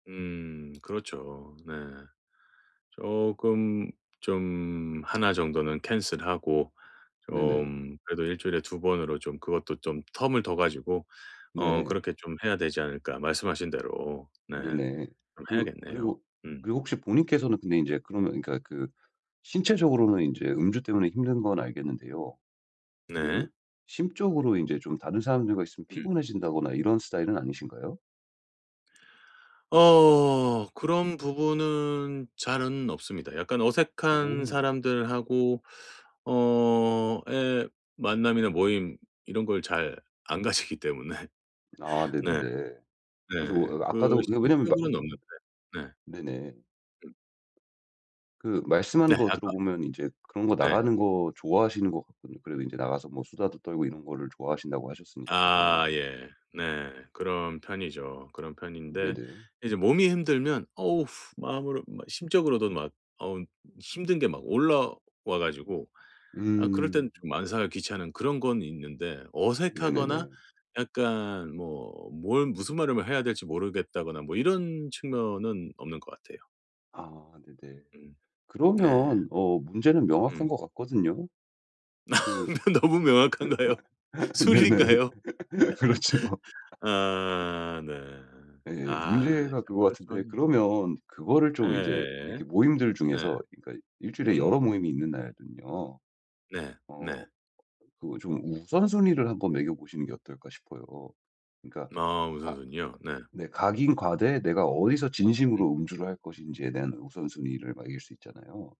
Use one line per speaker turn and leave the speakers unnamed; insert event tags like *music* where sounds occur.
음 그렇죠. 네. 쪼끔 좀 하나 정도는 캔슬하고 좀 그래도 1주일에 2번으로 좀 그것도 좀 텀을 둬 가지고 어
네.
그렇게 좀 해야 되지 않을까. 말씀하신 대로 네
네네.
좀
그
해야겠네요.
그리고
음.
그리고 혹시 본인께서는 근데 인제 그러면 그러니까 그 신체적으로는 인제 음주 때문에 힘든 건 알겠는데요. 그
네.
심적으로 인제 좀 다른 사람들과 있으면
음.
피곤해진다거나 이런 스타일은 아니신가요?
어 그런 부분은 잘은 없습니다. 약간 어색한
어.
사람들하고 어 예 만남이나 모임 이런 걸 잘 안 가지기 때문에.
아
네.
네네네. 그래서
네.
어
그
아까도 그게 왜냐면
심적으로는 없는데
*unintelligible*
네.
네네.
음.
그 말씀하는
네
거
아까
들어보면 인제 그런 거
네.
나가는 거 좋아하시는 것 같거든요. 그리고 인제 나가서 뭐 수다도 떨고 이런 거를 좋아하신다고 하셨으니까요.
아 예. 네. 그런 편이죠. 그런 편인데
네네.
이제 몸이 힘들면 어 마음으로 막 막 어 힘든 게 막 올라와가지고 아 그럴 땐
음.
좀 만사가 귀찮은 그런 건 있는데 어색하거나
네네네.
약간 뭐 뭘 무슨 말을 뭐 해야 될지 모르겠다거나 뭐 이런 측면은 없는 것 같아요.
아 네네.
음. 네.
그러면 어 문제는 명확한
음.
것 같거든요. 그
너 너무 명확한가요?
*laughs* 네네.
술인가요? *laughs*
그렇죠. *laughs*
아 네.
예예.
아
문제가
참
그거 같은데
그렇죠.
그러면 그거를 좀 이제
예예예.
이렇게 모임들
네.
중에서 그러니까 1주일에 여러
음.
모임이 있는 날은요.
네.
어
네.
그 좀 우선순위를 한번 매겨보시는 게 어떨까 싶어요. 그러니까
아 우선
가
순위요? 네.
네. 가긴 가되 내가 어디서
음.
진심으로 음주를 할 것인지에 대한 우선순위를 매길 수 있잖아요.